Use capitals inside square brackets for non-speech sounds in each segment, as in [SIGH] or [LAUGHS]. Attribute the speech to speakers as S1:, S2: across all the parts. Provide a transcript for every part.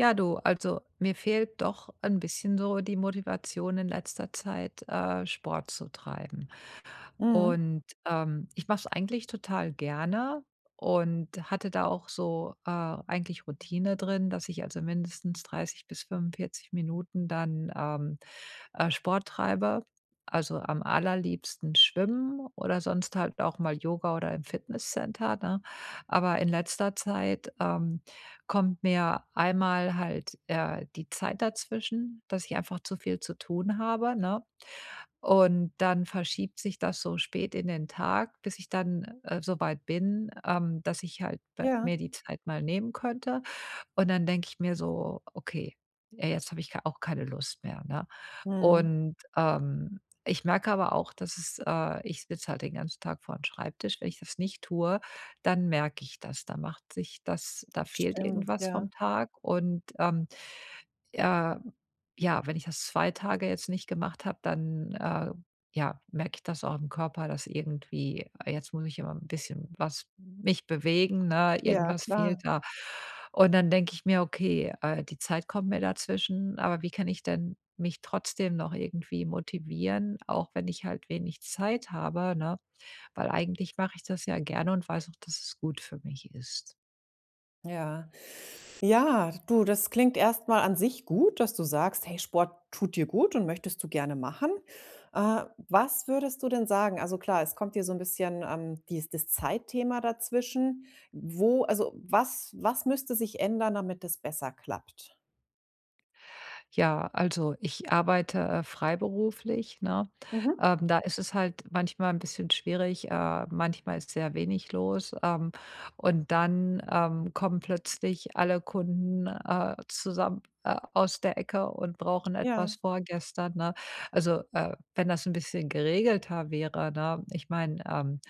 S1: Ja, du, also mir fehlt doch ein bisschen so die Motivation in letzter Zeit, äh, Sport zu treiben.
S2: Mhm.
S1: Und, ähm, ich mache es eigentlich total gerne und hatte da auch so, äh, eigentlich Routine drin, dass ich also mindestens 30 bis 45 Minuten dann, ähm, äh, Sport treibe, also am allerliebsten schwimmen oder sonst halt auch mal Yoga oder im Fitnesscenter, ne? Aber in letzter Zeit, ähm, kommt mir einmal halt, äh, die Zeit dazwischen, dass ich einfach zu viel zu tun habe, ne? Und dann verschiebt sich das so spät in den Tag, bis ich dann, äh, so weit bin, ähm, dass ich halt
S2: Ja.
S1: mir die Zeit mal nehmen könnte. Und dann denke ich mir so: „Okay, äh, jetzt habe ich ke auch keine Lust mehr“, ne?
S2: Mhm.
S1: Und, ähm, ich merke aber auch, dass es äh, ich sitze halt den ganzen Tag vor 'n Schreibtisch, wenn ich das nicht tue, dann merke ich das, da macht sich das da
S2: Das
S1: fehlt
S2: stimmt,
S1: irgendwas
S2: ja.
S1: vom Tag und, ähm, äh, ja, wenn ich das 2 Tage jetzt nicht gemacht habe, dann, äh, ja, merke ich das auch im Körper, dass irgendwie jetzt muss ich immer 'n bisschen was mich bewegen, ne,
S2: Ja,
S1: irgendwas fehlt
S2: klar.
S1: da. Und dann denke ich mir: „Okay, äh, die Zeit kommt mir dazwischen, aber wie kann ich denn mich trotzdem noch irgendwie motivieren, auch wenn ich halt wenig Zeit habe“, ne? Weil eigentlich mache ich das ja gerne und weiß auch, dass es gut für mich ist.
S2: Ja. Ja. Du, das klingt erst mal an sich gut, dass du sagst: „Hey, Sport tut dir gut und möchtest du gerne machen. Äh, was würdest du denn sagen also klar, es kommt hier so 'n bisschen, ähm, dies das Zeitthema dazwischen. Wo also was was müsste sich ändern, damit es besser klappt?
S1: Ja, also ich arbeite, äh, freiberuflich, ne?
S2: Mhm.
S1: Ähm, da ist es halt manchmal 'n bisschen schwierig, äh, manchmal ist sehr wenig los, ähm, und dann, ähm, kommen plötzlich alle Kunden, äh, zusammen, äh, aus der Ecke und brauchen etwas
S2: Ja.
S1: vorgestern, ne? Also, äh, wenn das 'n bisschen geregelter wäre, ne, ich mein, ähm,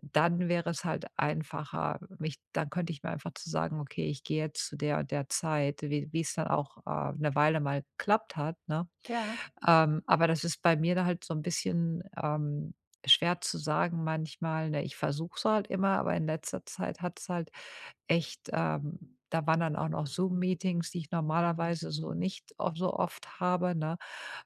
S1: dann wäre es halt einfacher, mich dann könnte ich mir einfach zu sagen: „Okay, ich gehe jetzt zu der und der Zeit", wie wie es dann auch, äh, 'ne Weile mal geklappt hat, ne.
S2: Ja.
S1: Ähm, aber das ist bei mir da halt so 'n bisschen, ähm, schwer zu sagen manchmal, ne? Ich versuche es halt immer, aber in letzter Zeit hat's halt echt, ähm da waren dann auch noch Zoom Meetings, die ich normalerweise so nicht of so oft habe, ne?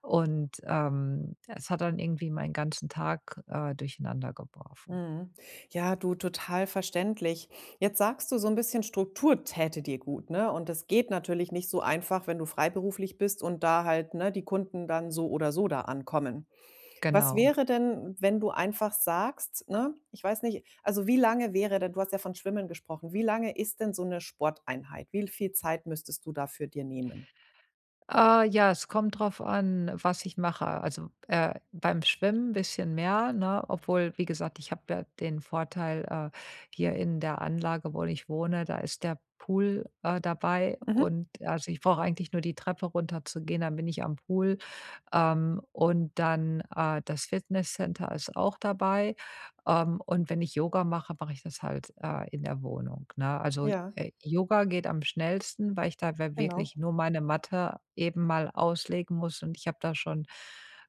S1: Und, ähm, es hat dann irgendwie meinen ganzen Tag, äh, durcheinander geworfen.
S2: Mhm. Ja, du, total verständlich. Jetzt sagst du so 'n bisschen Struktur täte dir gut, ne? Und das geht natürlich nicht so einfach, wenn du freiberuflich bist und da halt, ne, die Kunden dann so oder so da ankommen. Was
S1: Genau.
S2: wäre denn, wenn du einfach sagst, ne ich weiß nicht, also wie lange wäre denn du hast ja von Schwimmen gesprochen, wie lange ist denn so 'ne Sporteinheit? Wie l viel Zeit müsstest du dafür dir nehmen?
S1: Äh, ja, es kommt drauf an, was ich mache. Also, äh, beim Schwimmen bisschen mehr, ne, obwohl, wie gesagt, ich hab ja den Vorteil, äh, hier in der Anlage, wo ich wohne, da ist der Pool, äh, dabei
S2: Mhm.
S1: und also ich brauche eigentlich nur die Treppe runterzugehen, dann bin ich am Pool. Ähm, und dann äh, das Fitnesscenter ist auch dabei. Ähm, und wenn ich Yoga mache, mach ich das halt, äh, in der Wohnung, ne? Also,
S2: Ja.
S1: äh, Yoga geht am schnellsten, weil ich dabei
S2: Genau.
S1: wirklich nur meine Matte eben mal auslegen muss und ich habe da schon,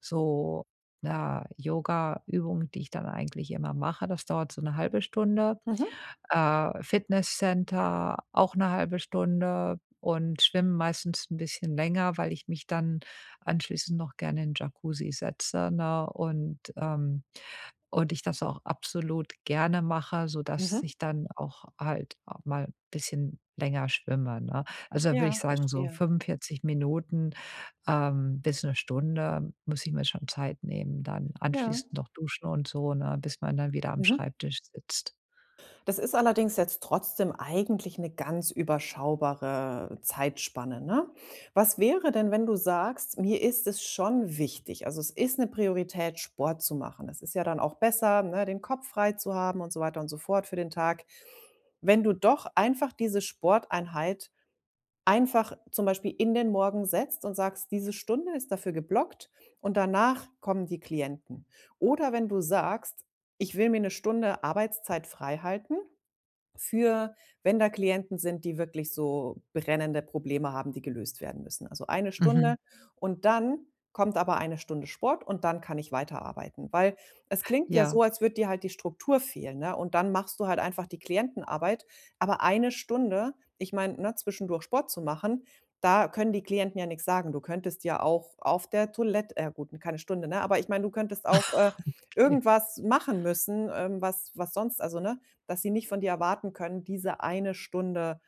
S1: so, na, Yogaübungen, die ich dann eigentlich immer mache. Das dauert so 1/2 Stunde.
S2: Mhm.
S1: Äh, Fitnesscenter auch 1/2 Stunde und schwimmen meistens 'n bisschen länger, weil ich mich dann anschließend noch gerne in 'n Jacuzzi setze, ne, und, ähm und ich das auch absolut gerne mache, sodass
S2: Mhm.
S1: ich dann auch halt auch mal bisschen länger schwimme, ne? Also da würde ich
S2: Ja,
S1: sagen, so
S2: verstehe.
S1: 45 Minuten, ähm, bis 1 Stunde muss ich mir schon Zeit nehmen dann,
S2: Ja.
S1: anschließend noch duschen und so, ne, bis man dann wieder am
S2: Mhm.
S1: Schreibtisch sitzt.
S2: Das ist allerdings jetzt trotzdem eigentlich 'ne ganz überschaubare Zeitspanne, ne? Was wäre denn, wenn du sagst: „Mir ist es schon wichtig, also es ist 'ne Priorität, Sport zu machen?" Das ist ja dann auch besser, ne, den Kopf frei zu haben und so weiter und so fort für den Tag. Wenn du doch einfach diese Sporteinheit einfach zum Beispiel in den Morgen setzt und sagst: „Diese Stunde ist dafür geblockt und danach kommen die Klienten.“ Oder wenn du sagst: „Ich will mir 'ne Stunde Arbeitszeit freihalten, für wenn da Klienten sind, die wirklich so brennende Probleme haben, die gelöst werden müssen." Also eine
S1: Mhm.
S2: Stunde und dann kommt aber eine Stunde Sport und dann kann ich weiterarbeiten. Weil es klingt ja so,
S1: Ja.
S2: als würde dir halt die Struktur fehlen, ne? Und dann machst du halt einfach die Klientenarbeit, aber eine Stunde ich meine, ne, zwischendurch Sport zu machen, da können die Klienten ja nix sagen. Du könntest ja auch auf der Toilett äh, ja, gut, n keine Stunde, ne? Aber ich meine, du könntest auch, äh,
S1: [LAUGHS] Okay.
S2: irgendwas machen müssen, ähm, was was sonst also, ne, dass sie nicht von dir erwarten können, diese eine Stunde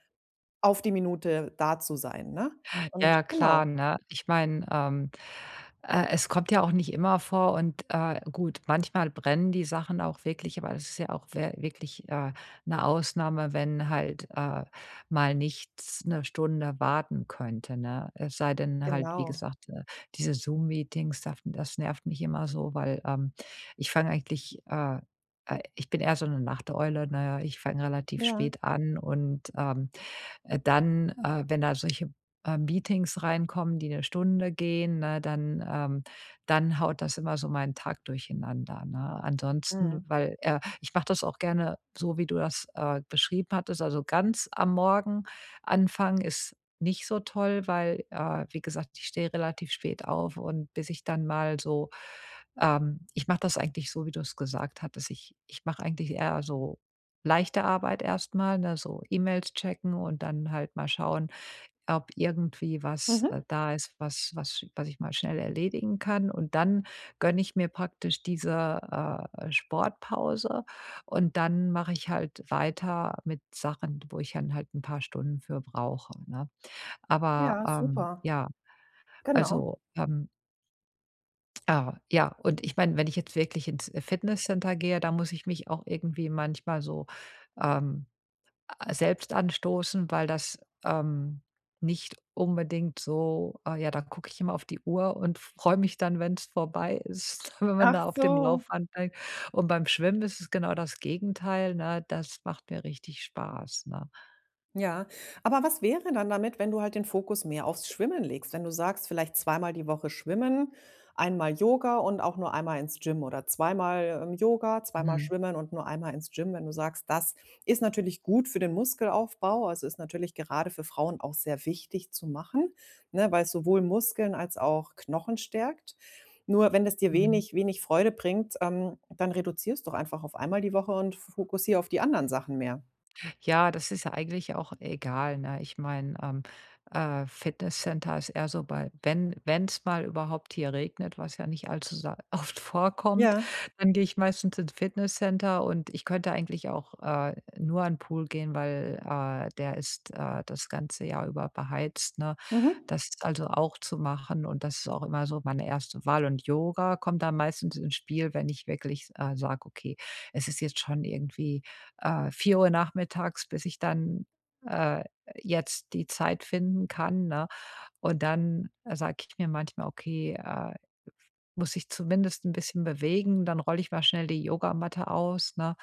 S2: auf die Minute da zu sein, ne?
S1: Ja,
S2: Und
S1: ja,
S2: genau.
S1: klar, ne? Ich meine, ähm, äh, es kommt ja auch nicht immer vor und, äh, gut, manchmal brennen die Sachen auch wirklich, aber es ist ja auch wä wirklich, äh, 'ne Ausnahme, wenn halt, äh, mal nichts 'ne Stunde warten könnte, ne? Es sei denn halt, wie
S2: Genau.
S1: gesagt, äh, diese Zoom Meetings, daf das nervt mich immer so, weil, ähm, ich fang eigentlich, ah, äh, äh ich bin eher so 'ne Nachteule, ne, ich fang relativ
S2: Ja.
S1: spät an. Und, ähm, äh, dann, äh, wenn da solche, äh, Meetings reinkommen, die 'ne Stunde gehen, ne, dann ähm, dann haut das immer so meinen Tag durcheinander, ne? Ansonsten,
S2: Mhm.
S1: weil, äh ich mache das auch gerne so, wie du das, äh, beschrieben hattest. Also ganz am Morgen anfangen ist nicht so toll, weil, äh, wie gesagt, ich stehe relativ spät auf und bis ich dann mal so, ähm ich mache das eigentlich so, wie du es gesagt hattest. Ich ich mache eigentlich eher so leichte Arbeit erst mal, ne, so E-Mails checken und dann halt mal schauen, ob irgendwie was, äh,
S2: Mhm.
S1: da ist, was was sch was ich mal schnell erledigen kann. Und dann gönne ich mir praktisch diese, äh, äh, Sportpause und dann mache ich halt weiter mit Sachen, wo ich dann halt 'n paar Stunden für brauche, ne? Aber,
S2: Ja,
S1: ähm,
S2: super.
S1: ja,
S2: Genau.
S1: also, ähm Ah, ja, und ich meine, wenn ich jetzt wirklich ins, äh, Fitnesscenter gehe, da muss ich mich auch irgendwie manchmal so, ähm, a selbst anstoßen, weil das, ähm, nicht unbedingt so ah, ja, da gucke ich immer auf die Uhr und freu mich dann, wenn's vorbei ist, [CHUCKLES] wenn
S2: Ach
S1: da auf dem
S2: so.
S1: Laufband bei. Und beim Schwimmen ist es genau das Gegenteil, ne? Das macht mir richtig Spaß, ne?
S2: Ja, aber was wäre dann damit, wenn du halt den Fokus mehr aufs Schwimmen legst? Wenn du sagst: „Vielleicht zweimal die Woche schwimmen, einmal Yoga und auch nur einmal ins Gym oder zweimal, ähm, Yoga, zweimal
S1: Mhm.
S2: schwimmen und nur einmal ins Gym", wenn du sagst: „Das ist natürlich gut für den Muskelaufbau." Also, ist natürlich gerade für Frauen auch sehr wichtig zu machen, ne, weil es sowohl Muskeln als auch Knochen stärkt. Nur wenn es dir
S1: Mhm.
S2: wenig wenig Freude bringt, ähm, dann reduziere es doch einfach auf einmal die Woche und f fokussier auf die anderen Sachen mehr.
S1: Ja, das ist ja eigentlich auch egal, ne? Ich meine, ähm, äh, Fitnesscenter ist eher so bei wenn wenn's mal überhaupt hier regnet, was ja nicht allzu sa oft vorkommt,
S2: Ja.
S1: dann gehe ich meistens ins Fitnesscenter und ich könnte eigentlich auch, äh, nur an 'n Pool gehen, weil, äh, der ist, äh, das ganze Jahr über beheizt, ne?
S2: Mhm.
S1: Das ist also auch zu machen und das ist auch immer so meine 1. Wahl und Yoga kommt dann meistens ins Spiel, wenn ich wirklich, s äh, sage: „Okay, es ist jetzt schon irgendwie, äh, 4:00 nachmittags, bis ich dann, äh, jetzt die Zeit finden kann“, ne? Und dann sage ich mir manchmal: „Okay, äh, muss ich zumindest 'n bisschen bewegen, dann roll ich mal schnell die Yogamatte aus“, ne?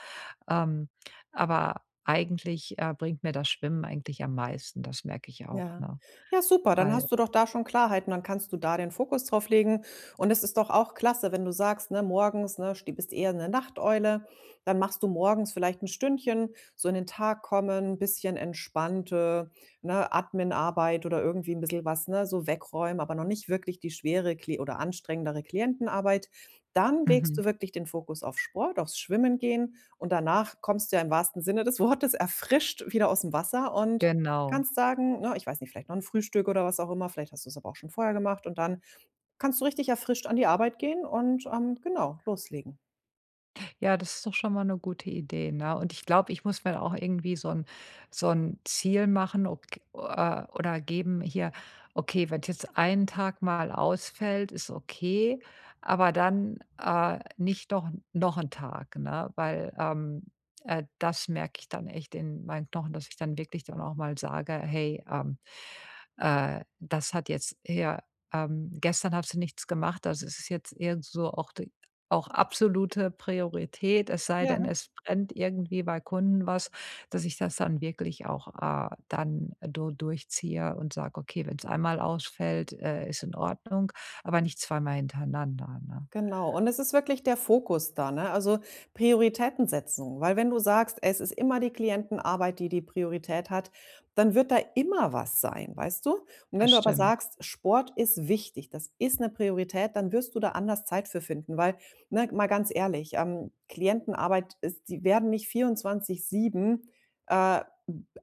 S1: Ähm, aber eigentlich, äh, bringt mir das Schwimmen eigentlich am meisten, das merke ich auch,
S2: Ja.
S1: ne?
S2: Ja, super, dann hast
S1: Weil
S2: du doch da schon Klarheiten, dann kannst du da den Fokus drauflegen. Und es ist doch auch klasse, wenn du sagst: Ne, morgens, ne, st du bist eher 'ne Nachteule, dann machst du morgens vielleicht 'n Stündchen, so in den Tag kommen, bisschen entspannte, ne, Adminarbeit oder irgendwie 'n bissel was, ne, so wegräumen, aber noch nicht wirklich die schwere Kli oder anstrengendere Klientenarbeit. Dann legst
S1: Mhm.
S2: du wirklich den Fokus auf Sport, aufs Schwimmen gehen. Und danach kommst du ja im wahrsten Sinne des Wortes erfrischt wieder aus'm Wasser und
S1: Genau.
S2: kannst sagen ne, ich weiß nicht, vielleicht noch 'n Frühstück oder was auch immer, vielleicht hast du's aber auch schon vorher gemacht und dann kannst du richtig erfrischt an die Arbeit gehen und, ähm, genau, loslegen.
S1: Ja, das ist doch schon mal 'ne gute Idee, ne? Und ich glaube, ich muss mir dann auch irgendwie so 'n so' n Ziel machen ob g äh, oder geben, hier, okay, wenn's jetzt 1 Tag mal ausfällt, ist okay, aber dann, äh, nicht doch noch 'n Tag, ne? Weil, ähm, äh, das merke ich dann echt in meinen Knochen, dass ich dann wirklich dann auch mal sage: „Hey, ähm, äh, das hat jetzt hier, ähm gestern hast du nichts gemacht, also es ist jetzt irgend so auch d auch absolute Priorität, es sei denn,
S2: Ja.
S1: es brennt irgendwie bei Kunden was, dass ich das dann wirklich auch, äh, dann so durchziehe und sage, ‚okay, wenn's einmal ausfällt, äh, ist in Ordnung, aber nicht zweimal hintereinander‘,“ ne?
S2: Genau, und es ist wirklich der Fokus da, ne, also Prioritäten setzen, weil wenn du sagst, es ist immer die Klientenarbeit, die die Priorität hat, dann wird da immer was sein, weißt du?
S1: Das
S2: Wenn du aber
S1: stimmt.
S2: sagst, „Sport ist wichtig, das ist 'ne Priorität,“ dann wirst du da anders Zeit für finden, weil, ne, mal ganz ehrlich, ähm, Klientenarbeit ist die werden nicht 24/7, äh,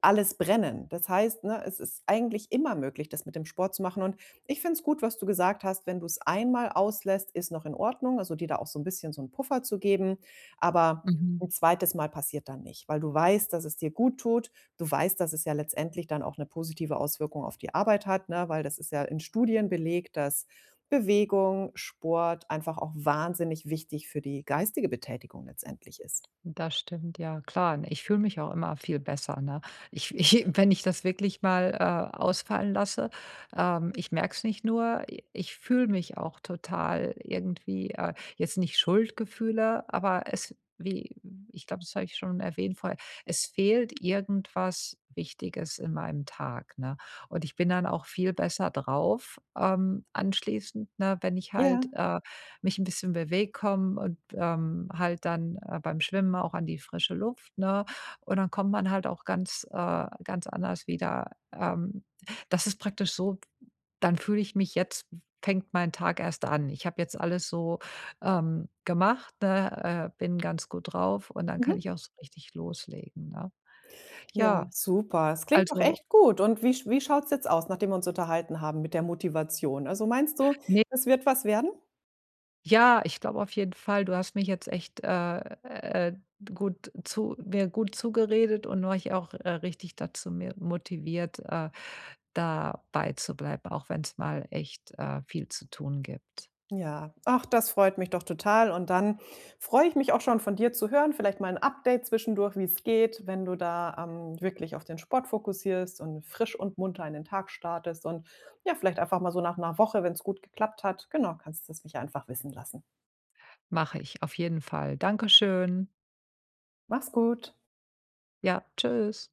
S2: alles brennen. Das heißt, ne, es ist eigentlich immer möglich, das mit dem Sport zu machen und ich finde es gut, was du gesagt hast, wenn du's einmal auslässt, ist noch in Ordnung, also dir da auch so 'n bisschen so 'n Puffer zu geben. Aber
S1: Mhm.
S2: 'n 2. Mal passiert dann nicht, weil du weißt, dass es dir guttut. Du weißt, dass es ja letztendlich dann auch 'ne positive Auswirkung auf die Arbeit hat, ne, weil das ist ja in Studien belegt, dass Bewegung, Sport einfach auch wahnsinnig wichtig für die geistige Betätigung letztendlich ist.
S1: Das stimmt, ja, klar, ich fühle mich auch immer viel besser, ne? Ich ich wenn ich das wirklich mal, äh, ausfallen lasse, ähm, ich merke es nicht nur, i ich fühle mich auch total irgendwie äh, jetzt nicht Schuldgefühle, aber es wie ich glaube, das habe ich schon erwähnt vorher, es fehlt irgendwas Wichtiges in meinem Tag, ne? Und ich bin dann auch viel besser drauf, ähm, anschließend, ne, wenn ich halt,
S2: Ja.
S1: äh, mich 'n bisschen bewege, komme und, ähm, halt dann, äh, beim Schwimmen auch an die frische Luft, ne? Und dann kommt man halt auch ganz, äh, ganz anders wieder. Ähm, das ist praktisch so, dann fühle ich mich: „Jetzt, f fängt mein Tag erst an.“ Ich habe jetzt alles, ähm, so gemacht, ne, äh, bin ganz gut drauf und dann kann
S2: Mhm.
S1: ich auch so richtig loslegen, ne?
S2: Ja,
S1: Ja,
S2: super. Es klingt doch
S1: also
S2: echt gut und wie sch wie schaut's jetzt aus, nachdem wir uns unterhalten haben mit der Motivation? Also meinst du,
S1: Ne
S2: es wird was werden?
S1: Ja, ich glaube auf jeden Fall, du hast mich jetzt echt, äh, äh, gut zu mir gut zugeredet und mich auch, äh, richtig da zu mehr motiviert, äh, dabeizubleiben, auch wenn's mal echt, äh, viel zu tun gibt.
S2: Ja, ach, das freut mich doch total und dann freue ich mich auch schon von dir zu hören, vielleicht mal 'n Update zwischendurch, wie's geht, wenn du da, ähm, wirklich auf den Sport fokussierst und frisch und munter in den Tag startest und ja, vielleicht einfach mal so nach 'ner Woche, wenn's gut geklappt hat, genau, kannst du's mich einfach wissen lassen.
S1: Mache ich. Auf jeden Fall. Dankeschön!
S2: Mach's gut.
S1: Ja, tschüss!